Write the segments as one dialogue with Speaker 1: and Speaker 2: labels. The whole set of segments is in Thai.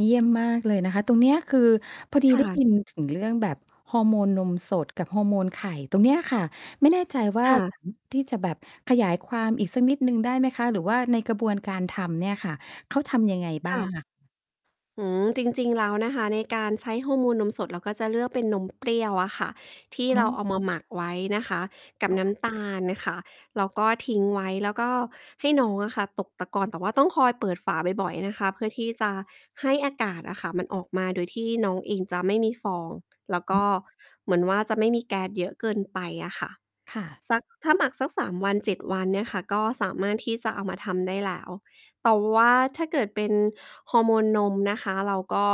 Speaker 1: เยี่ยมมากเลยนะคะ ตรงเนี้ยคือ พอดี
Speaker 2: ค่
Speaker 1: ได้ย
Speaker 2: ะ
Speaker 1: ินถึงเรื่องแบบฮอร์โมนนมสดกับฮอร์โมนไข่ ตรงเนี้ยค่ะ ไม่แน่ใจว่า
Speaker 2: ค่
Speaker 1: ส
Speaker 2: ะ
Speaker 1: ามารถ ที่จะแบบขยายความอีกสักนิดหนึ่งได้ไหมคะ? หรือว่าในกระบวนการทำเนี่ยค่ะ เขาทำยังไงบ
Speaker 2: ค
Speaker 1: ้า
Speaker 2: ่
Speaker 1: ง
Speaker 2: ะ
Speaker 1: อะ?
Speaker 2: อืม จริง ๆ แล้วนะคะ ในการใช้ฮอร์โมนนมสดเราก็จะเลือกเป็นนมเปรี้ยวอะค่ะ ที่
Speaker 1: อ๋
Speaker 2: เรา
Speaker 1: อ
Speaker 2: เอา มาหมักไว้นะคะกับ
Speaker 1: ค
Speaker 2: น้
Speaker 1: ่ะ
Speaker 2: ำตาลค่ะ แล้วก็ทิ้งไว้ แล้วก็ให้น้องอะค่ะตกตะกอน แต่ว่าต้องคอยเปิดฝาบ่อย ๆ นะคะ เพื่อที่จะให้อากาศอะค่ะมันออกมา โดยที่น้องเองจะไม่มีฟอง แล้วก็เหมือนว่า จะไม่มีแก๊สเยอะเกินไปอะค่ะ
Speaker 1: ค่ะ
Speaker 2: สัก ถ้าหมักสัก 3 วัน 7 วันเนี่ยค่ะก็สามารถที่จะเอามาทำได้แล้ว แต่ว่าถ้าเกิดเป็นฮอร์โมนนมนะคะ เราก็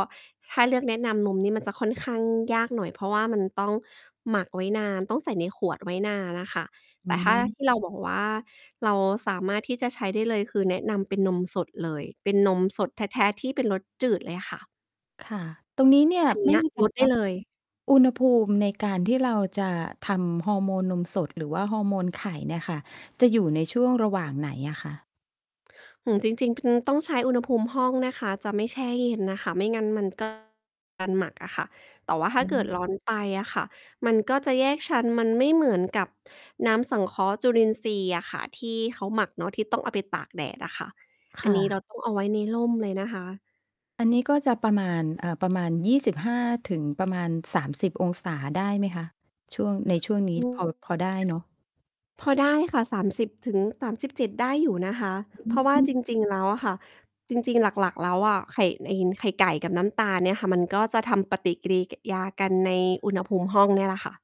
Speaker 2: ถ้าเลือกแนะนำนมนี่มันจะค่อนข้างยากหน่อย เพราะว่ามันต้องหมักไว้นาน ต้องใส่ในขวดไว้นานน่ะค่ะ
Speaker 1: อ
Speaker 2: แ
Speaker 1: ื
Speaker 2: ต่ถ้า
Speaker 1: ม
Speaker 2: ที่เราบอกว่า เราสามารถที่จะใช้ได้เลย คือแนะนำเป็นนมสดเลย เป็นนมสดแท้ ๆ ที่เป็นรสจืดเลยค่ะ
Speaker 1: ค่ะ ตรงนี้เนี่ย
Speaker 2: อันเน
Speaker 1: ไม
Speaker 2: ี
Speaker 1: ่
Speaker 2: ้ย
Speaker 1: แน่ใจ
Speaker 2: รดได
Speaker 1: ว่
Speaker 2: ้
Speaker 1: า บ
Speaker 2: เลย
Speaker 1: อุณหภูมิในการที่เราจะทำฮอร์โมนนมสดหรือว่าฮอร์โมนไข่เนี่ยค่ะ จะอยู่ในช่วงระหว่างไหนอะคะ?
Speaker 2: อืม จริง ๆ พ คือต้องใช้อุณหภูมิห้องนะคะ จะไม่แช่เย็นน่ะค่ะ ไม่งั้นมัน ก็ การหมักอะค่ะ แต่ว่าถ้
Speaker 1: อ
Speaker 2: าเกิด
Speaker 1: ืม
Speaker 2: ร้อนไปอะค่ะมันก็จะแยกชั้น มันไม่เหมือนกับน้ำสังเคราะห์จุลินทรีย์อะค่ะที่เขาหมักเนาะ ที่ต้องเอาไปตากแดดอะค่ะ
Speaker 1: ค
Speaker 2: อัน
Speaker 1: ่
Speaker 2: นี้
Speaker 1: ะ
Speaker 2: เราต้อง เอาไว้ในร่มเลยนะคะ
Speaker 1: อันนี้ก็จะประมาณ เอ่อ ประมาณ 25 ถึงประมาณ 30 องศา ได้ไหมคะ? ช่วง ในช่วงนี
Speaker 2: อ
Speaker 1: ้
Speaker 2: ื
Speaker 1: พ
Speaker 2: ม
Speaker 1: อ พอได้เนาะ?
Speaker 2: พอได้ค่ะ 30-37 ได้อยู่นะคะ
Speaker 1: อ
Speaker 2: เพราะว่า
Speaker 1: ือ
Speaker 2: จริง ๆ แล้วอะค่ะ จริง ๆ หลัก ๆ แล้วอะ ไข่ในอิ๊น ไข่ไก่กับน้ำตาลเนี่ยค่ะ มันก็จะทำปฏิกิริ ก...ยากันในอุณหภูมิห้องเนี่ยแหละค่ะ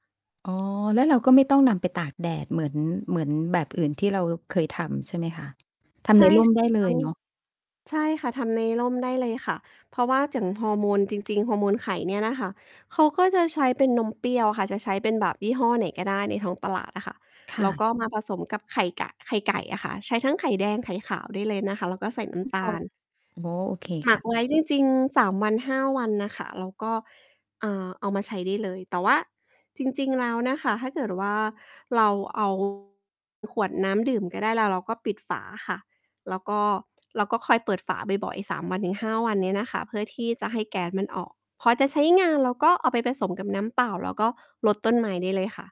Speaker 1: อ๋อ แล้วเราก็ไม่ต้องนำไปตากแดดเหมือน เหมือน แบบอื่นที่เราเคยทำ ใช่ไหมคะ? ท
Speaker 2: ใ
Speaker 1: ำ
Speaker 2: ช
Speaker 1: ใ
Speaker 2: ่
Speaker 1: น ร่ม
Speaker 2: ค่ะ
Speaker 1: ได้
Speaker 2: ถูก
Speaker 1: เล
Speaker 2: ต้
Speaker 1: ย
Speaker 2: อง
Speaker 1: เนาะ?
Speaker 2: ใช่ค่ะ ทำในร่มได้เลยค่ะ เพราะว่าอย่าง ฮอร์โมน จริง ๆ ฮอร์โมนไข่เนี่ยน่ะค่ะ เขาก็จะใช้เป็นนมเปรี้ยวค่ะ จะใช้เป็นแบบยี่ห้อไหนก็ได้ในท้องตลาดอะค่ะ
Speaker 1: ค
Speaker 2: แ
Speaker 1: ่
Speaker 2: ล้วก
Speaker 1: ะ
Speaker 2: ็ มาผสมกับไข่กะ ไข่ไก่อะค่ะ ใช้ทั้งไข่แดง ไข่ขาวได้เลยนะคะ แล้วก็ใส่น้
Speaker 1: ที่
Speaker 2: ำต
Speaker 1: พอ
Speaker 2: าล
Speaker 1: อ๋อ โอเค
Speaker 2: หม
Speaker 1: ค
Speaker 2: ั
Speaker 1: ่
Speaker 2: ก
Speaker 1: ะ
Speaker 2: ไว้ จริง ๆ 3 วัน 5 วันน่ะค่ะ แล้วก็ อ่า เอามาใช้ได้เลย แต่ว่าจริง ๆ แล้วน่ะค่ะ ถ้าเกิดว่า เรา เอา ขวดน้ำดื่มก็ได้ แล้วเราก็ปิดฝาค่ะ แล้วก็ แล้วก็คอยเปิดฝาบ่อย ๆ 3 วัน ถึง 5 วันนี้น่ะค่ะ เพื่อที่จะให้แก๊สมันออก พอจะใช้งานเราก็เอาไปผสมกับน้ำเปล่าแล้วก็รดต้นไม้ได้เลยค่ะ